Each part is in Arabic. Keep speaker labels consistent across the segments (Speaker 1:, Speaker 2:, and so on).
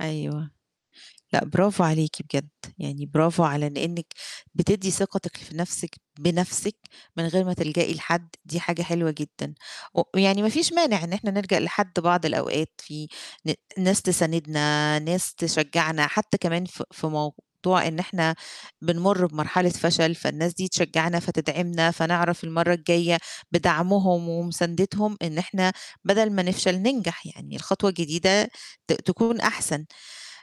Speaker 1: أيوه. لأ، برافو عليكِ بجد، يعني برافو على إن إنِّك بتدّي ثقتِك في نَفْسِك بنَفْسِك من غير ما تلجئي لحد، دي حاجة حلوة جدًا و يعني ما فيش مانع إن إحنا نلجأ لحد بعض الأوقات في ن ناس تساندنا، ناس تشجّعنا، حتى كمان ف في موضوع إن إحنا بنمُر بمرحلة فشل، فالناس دي تشجّعنا، فتدعمنا، فنعرف المرّة الجاية بدعمهم ومُساندتهم، إن إحنا بدل ما نفشل ننجح، يعني الخطوة الجديدة ت تكون أحسن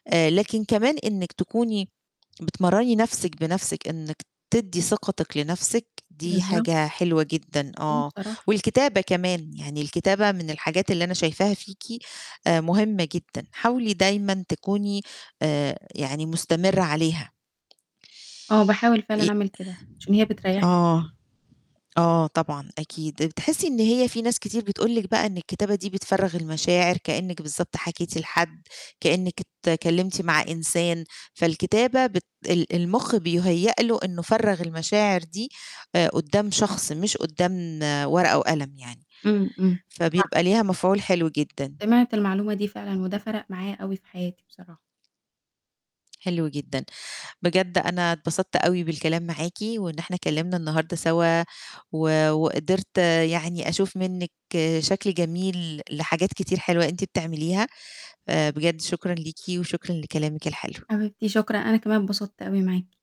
Speaker 1: آآ لكن كمان إنِّك تكوني بتمرّني نَفْسِك بنَفْسِك إنِّك تدّي ثقتِك لنَفْسِك دي
Speaker 2: بالضب
Speaker 1: حاجة حلوة جدًا،
Speaker 2: إمم،
Speaker 1: آه،
Speaker 2: بصراحة.
Speaker 1: والكتابة كمان، يعني الكتابة من الحاجات اللي أنا شايفاها فيكِ آآ مُهمّة جدًا، حاولي دايمًا تكوني آآ يعني مُستمرة عليها.
Speaker 2: آه، باحاول فعلًا
Speaker 1: إ
Speaker 2: أعمل كده، عشان هي بتريّحني جد
Speaker 1: آه. آه، طبعًا، أكيد، آآ بتحسّي إن هي في ناس كتير بتقول لِك بقى إن الكتابة دي بتفرّغ المشاعر، كإنِّك بالضبط حكيتِ لحد، كإنِّك أتكلّمتِ مع إنسان. فالكتابة بت ال المُخ بيُهيّأ له إنه فَرّغ المشاعر دي آآ قدّام شخص مش قدّام ورقة وقلم يعني،
Speaker 2: إمم، إمم. صح.
Speaker 1: فبيبقى ليها مفعول حلو جدًا.
Speaker 2: سمعت المعلومة دي فعلًا وده فَرَق معايا أوي في حياتي بصراحة.
Speaker 1: حلو جدًا، بجد أنا اتبسطت أوي بالكلام معاكِ وإن إحنا اتكلّمنا النهارده سوا و وقدرت يعني أشوف منِّك شكل جميل لحاجات كتير حلوة أنتِ بتعمليها، آآ بجد شكرًا ليكِ وشكرًا لكلامِك الحلو.
Speaker 2: حبيبتي شكرًا، أنا كمان أتبسطت أوي معاكِ.